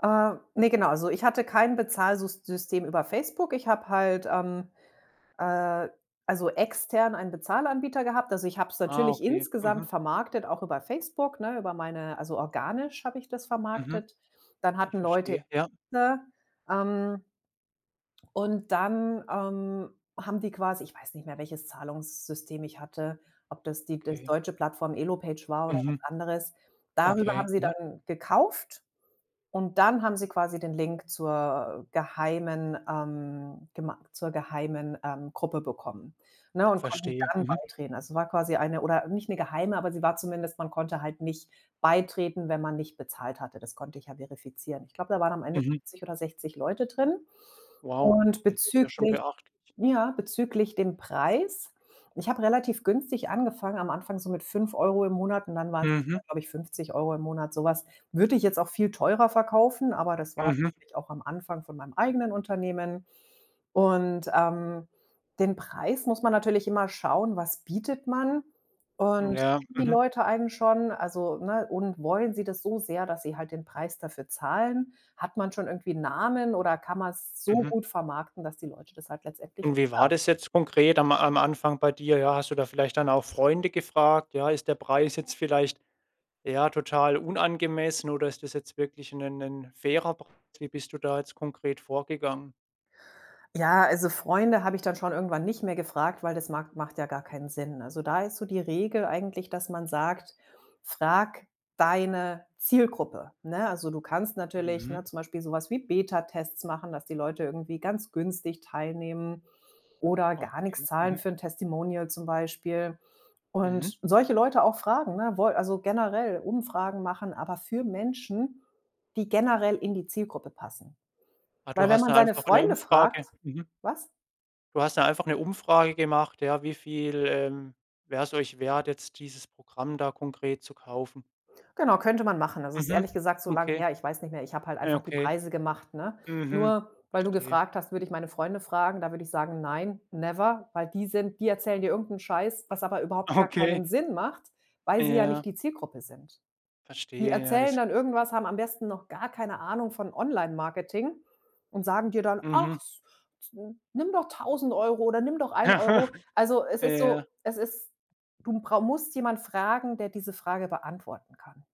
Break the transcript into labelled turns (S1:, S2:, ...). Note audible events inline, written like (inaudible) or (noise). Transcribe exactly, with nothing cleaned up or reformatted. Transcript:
S1: Äh, ne, genau. Also, ich hatte kein Bezahlsus System über Facebook. Ich habe halt, ähm, äh, also extern einen Bezahlanbieter gehabt. Also, ich habe es
S2: Ah,
S1: natürlich
S2: okay.
S1: insgesamt
S2: Mhm.
S1: vermarktet, auch über Facebook, ne, über meine also organisch habe ich das
S2: Mhm.
S1: vermarktet. Dann
S2: Ich
S1: hatten Leute,
S2: verstehe. Ja.
S1: (unintelligible) ähm und dann, ähm, haben die quasi ich weiß nicht mehr, welches Zahlungssystem ich hatte, ob das die das
S2: Okay.
S1: deutsche Plattform Elopage war oder was
S2: Mhm.
S1: anderes. Darüber haben
S2: Okay.
S1: sie
S2: Mhm.
S1: dann gekauft und dann haben sie quasi den Link zur geheimen ähm, gemei zur geheimen, ähm, Gruppe bekommen, ne und konnten
S2: Verstehe.
S1: dann
S2: Mhm.
S1: beitreten. Also, war quasi eine oder nicht 'ne geheime, aber sie war zumindest man konnte halt nicht beitreten, wenn man nicht bezahlt hatte. Das konnte ich ja verifizieren. Ich glaube, da waren am Ende
S2: Mhm.
S1: fünfzig oder sechzig Leute drin.
S2: Wow.
S1: Und
S2: Das ist ja schon
S1: bezüglich
S2: beachtlich.
S1: ja, bezüglich dem Preis. Ich habe relativ günstig angefangen am Anfang so mit fünf Euro im Monat und dann waren's,
S2: Mhm.
S1: glaube ich, fünfzig Euro im Monat. So was würde ich jetzt auch viel teurer verkaufen, aber das war
S2: Mhm.
S1: natürlich auch am Anfang von meinem eigenen Unternehmen. Und, ähm, den Preis muss man natürlich immer schauen, was bietet man? Und
S2: Ja.
S1: kennen die
S2: Mhm.
S1: Leute einen schon, also, ne, und wollen sie das so sehr, dass sie halt den Preis dafür zahlen? Hat man schon irgendwie 'n Namen oder kann man's so
S2: Mhm.
S1: gut vermarkten, dass die Leute das halt letztendlich
S2: Und wie
S1: bezahlen.
S2: war das jetzt konkret am am Anfang bei dir? Ja, hast du da vielleicht dann auch Freunde gefragt: „Ja, ist der Preis jetzt vielleicht, ja, total unangemessen oder ist das jetzt wirklich 'nen 'nen fairer Preis?“ Wie bist du da jetzt konkret vorgegangen?
S1: Ja, also Freunde habe ich dann schon irgendwann nicht mehr gefragt, weil das mag macht ja gar keinen Sinn. Also, da ist so die Regel eigentlich, dass man sagt: „Frag deine Zielgruppe“, ne? Also, du kannst natürlich,
S2: Mhm.
S1: ne, zum Beispiel so was wie Betatests machen, dass die Leute irgendwie ganz günstig teilnehmen oder gar nix
S2: Okay.
S1: zahlen
S2: Mhm.
S1: für 'n Testimonial zum Beispiel.
S2: Mhm.
S1: Und solche Leute auch fragen, ne, wol also generell Umfragen machen, aber für Menschen, die generell in die Zielgruppe passen.
S2: Ah, du
S1: Weil wenn
S2: hast
S1: man
S2: da
S1: seine
S2: einfach 'ne
S1: Freunde fragt
S2: Umfrage mhm.
S1: was?
S2: Du hast da einfach 'ne Umfrage gemacht: „Ja, wie viel, ähm, wär's euch wert, jetzt dieses Programm da konkret zu kaufen?“
S1: Genau, könnte man machen. Also, es ist
S2: Mhm.
S1: ehrlich gesagt so lang
S2: Okay.
S1: her, ich weiß nicht mehr. Ich habe halt
S2: Ja.
S1: einfach die
S2: Okay.
S1: Preise gemacht, ne?
S2: Mhm.
S1: Nur weil du
S2: Verstehe.
S1: gefragt hast, würde ich meine Freunde fragen, da würde ich sagen: „Nein, never“, weil die sind die erzählen dir irgend 'n Scheiß, was aber überhaupt gar
S2: Okay.
S1: keinen Sinn macht, weil sie ja nicht
S2: Ja.
S1: die Zielgruppe sind. Die
S2: Verstehe. Ja
S1: erzählen
S2: das
S1: dann irgendwas, haben am besten noch gar keine Ahnung von Onlinemarketing und sagen dir dann: „Ach,
S2: Mhm.
S1: s nimm doch tausend Euro oder nimm doch ein
S2: Aha.
S1: Euro.“ Also, es ist
S2: Ja.
S1: so es ist du brau musst jemand fragen, der diese Frage beantworten kann.